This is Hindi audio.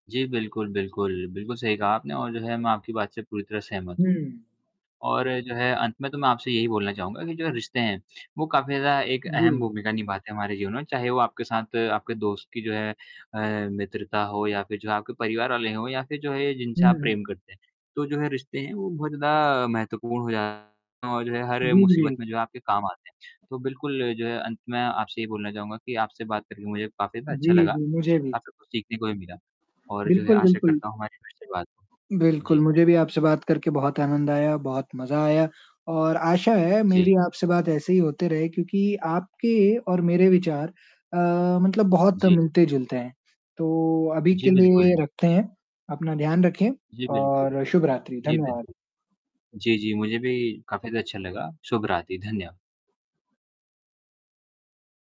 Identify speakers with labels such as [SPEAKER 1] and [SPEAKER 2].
[SPEAKER 1] जी बिल्कुल, बिल्कुल। बिल्कुल सही कहा आपने और जो है मैं आपकी बात से पूरी तरह सहमत हूँ।
[SPEAKER 2] हुँ।
[SPEAKER 1] और जो है अंत में तो मैं आपसे यही बोलना चाहूँगा कि जो रिश्ते हैं वो काफ़ी ज़्यादा एक अहम
[SPEAKER 2] जी।
[SPEAKER 1] भूमिका निभाते हैं हमारे जीवन में। चाहे वो आपके साथ आपके दोस्त की जो है अ, मित्रता हो या फिर जो है आपके परिवार वाले हो या फिर जो है या जिनसे आप
[SPEAKER 2] हुँ।
[SPEAKER 1] प्रेम करते हैं। तो जो है रिश्ते हैं वो बहुत ज़्यादा महत्वपूर्ण हो जाते हैं और जो है हर मुसीबत
[SPEAKER 2] [unintelligible]
[SPEAKER 1] में जो आपके काम आते हैं। तो बिल्कुल जो है अंत में आपसे ये बोलना चाहूँगा कि आपसे बात करके मुझे काफ़ी ज़्यादा अच्छा
[SPEAKER 2] जी,
[SPEAKER 1] लगा।
[SPEAKER 2] जी, मुझे भी।
[SPEAKER 1] काफ़ी कुछ सीखने को भी मिला और जो है
[SPEAKER 2] बिल्कुल,
[SPEAKER 1] आशा
[SPEAKER 2] बिल्कुल।
[SPEAKER 1] करता हूँ हमारी फिर से बात हो।
[SPEAKER 2] बिल्कुल,
[SPEAKER 1] जी।
[SPEAKER 2] मुझे भी आपसे बात करके बहुत आनंद आया, बहुत मज़ा आया और आशा है
[SPEAKER 1] जी।
[SPEAKER 2] मेरी आपसे बात ऐसे ही होते रहे क्योंकि आपके और मेरे विचार अ, मतलब बहुत
[SPEAKER 1] जी।
[SPEAKER 2] मिलते-जुलते हैं। तो अभी
[SPEAKER 1] जी
[SPEAKER 2] के लिए
[SPEAKER 1] बिल्कुल।
[SPEAKER 2] रखते हैं, अपना ध्यान रखें
[SPEAKER 1] जी बिल्कुल।
[SPEAKER 2] और शुभ रात्रि।
[SPEAKER 1] जी
[SPEAKER 2] धन्यवाद।
[SPEAKER 1] बिल्कुल। जी, जी मुझे भी काफ़ी ज़्यादा अच्छा लगा। शुभ रात्रि। धन्य